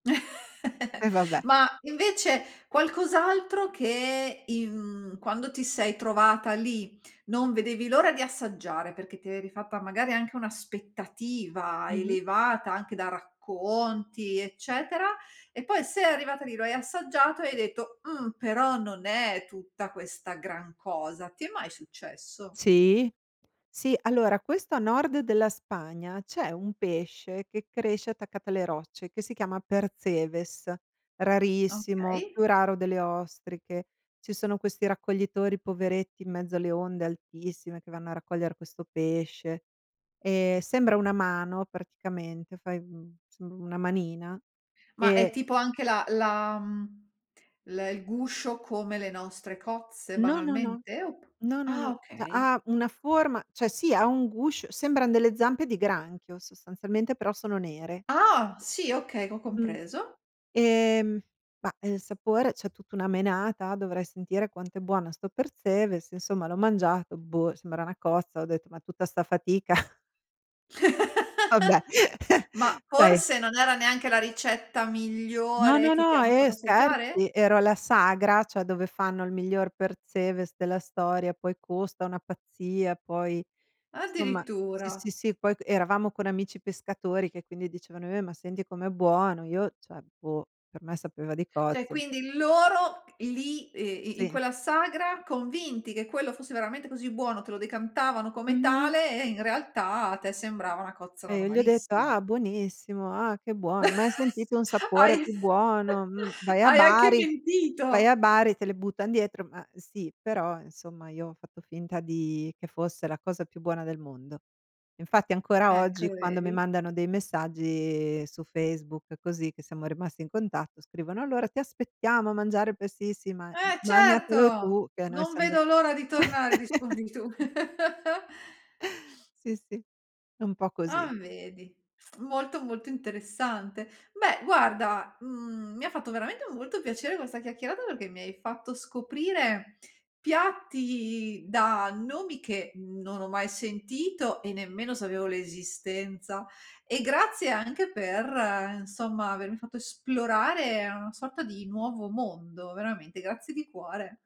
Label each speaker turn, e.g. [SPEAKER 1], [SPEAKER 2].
[SPEAKER 1] E vabbè.
[SPEAKER 2] Ma invece qualcos'altro che in quando ti sei trovata lì non vedevi l'ora di assaggiare perché ti eri fatta magari anche un'aspettativa
[SPEAKER 1] Mh-mh.
[SPEAKER 2] elevata anche da racconti eccetera. E poi sei arrivata lì, lo hai assaggiato e hai detto: "Mh, però, non è tutta questa gran cosa." Ti è mai successo?
[SPEAKER 1] Sì, sì, allora questo a nord della Spagna, c'è un pesce che cresce attaccato alle rocce che si chiama Percebes, rarissimo,
[SPEAKER 2] Okay.
[SPEAKER 1] più raro delle ostriche. Ci sono questi raccoglitori poveretti in mezzo alle onde altissime che vanno a raccogliere questo pesce. Ehm sembra una mano praticamente, fai, uhm, insomma una manina
[SPEAKER 2] Ma è
[SPEAKER 1] e
[SPEAKER 2] tipo anche la la mhmm, l il guscio come le nostre cozze
[SPEAKER 1] No, no, no.
[SPEAKER 2] banalmente? Op
[SPEAKER 1] No, no,
[SPEAKER 2] Ah
[SPEAKER 1] no.
[SPEAKER 2] okay.
[SPEAKER 1] Ha una forma cioè sì, ha un guscio sembran delle zampe di granchio sostanzialmente, però sono nere.
[SPEAKER 2] Ah sì, okay, ho
[SPEAKER 1] Mh.
[SPEAKER 2] compreso.
[SPEAKER 1] Ehm, ma il sapore, c'è tutta una menata, dovrei sentire quanto è buona sto Percebes, insomma l'ho mangiato, boh, sembra una cozza. Ho detto, ma tutta sta fatica? Vabbè,
[SPEAKER 2] Ma
[SPEAKER 1] dai.
[SPEAKER 2] forse non era neanche la ricetta
[SPEAKER 1] No,
[SPEAKER 2] migliore
[SPEAKER 1] no,
[SPEAKER 2] che ti
[SPEAKER 1] no,
[SPEAKER 2] hanno
[SPEAKER 1] eh
[SPEAKER 2] fatto assaggiare?
[SPEAKER 1] scherzi, ero alla sagra, cioè dove fanno il miglior Percebes, della storia, poi costa una pazzia, poi insomma, sì, sì,
[SPEAKER 2] Addirittura.
[SPEAKER 1] sì, poi eravamo con amici pescatori che quindi dicevano: "Eh, ma senti com'è buono!" Io cioè, boh, per me sapeva di
[SPEAKER 2] Cioè
[SPEAKER 1] cozze.
[SPEAKER 2] quindi loro lì, uhm, i in
[SPEAKER 1] Sì.
[SPEAKER 2] quella sagra, convinti che quello fosse veramente così buono, te lo decantavano come
[SPEAKER 1] Mh-mh.
[SPEAKER 2] tale e in realtà a te sembrava una cozza
[SPEAKER 1] E gli ho detto:
[SPEAKER 2] normalissima.
[SPEAKER 1] "Ah buonissimo, ah che buono, mai sentito un sapore
[SPEAKER 2] Hai
[SPEAKER 1] più buono." Mh. Vai a
[SPEAKER 2] hai anche
[SPEAKER 1] Bari vai a
[SPEAKER 2] mentito.
[SPEAKER 1] Bari, te le buttano dietro ma, sì, però insomma io ho fatto finta di che fosse la cosa più buona del mondo. Infatti ancora
[SPEAKER 2] Ecco,
[SPEAKER 1] oggi quando mi
[SPEAKER 2] vedi.
[SPEAKER 1] mandano dei messaggi su Facebook così che siamo rimasti in contatto scrivono: "Allora ti aspettiamo a mangiare il Percebes" "Sì,
[SPEAKER 2] E
[SPEAKER 1] magnatelo
[SPEAKER 2] certo,
[SPEAKER 1] tu che a noi
[SPEAKER 2] non
[SPEAKER 1] siamo già"
[SPEAKER 2] vedo l'ora di tornare rispondi tu.
[SPEAKER 1] Sì, sì, è un po'
[SPEAKER 2] A
[SPEAKER 1] così.
[SPEAKER 2] vedi, molto, molto interessante. Beh guarda, mhmm, mi ha fatto veramente molto piacere questa chiacchierata perché mi hai fatto scoprire piatti da nomi che non ho mai sentito e nemmeno sapevo l'esistenza. E grazie anche per insomma avermi fatto esplorare una sorta di nuovo mondo, veramente. Grazie di cuore.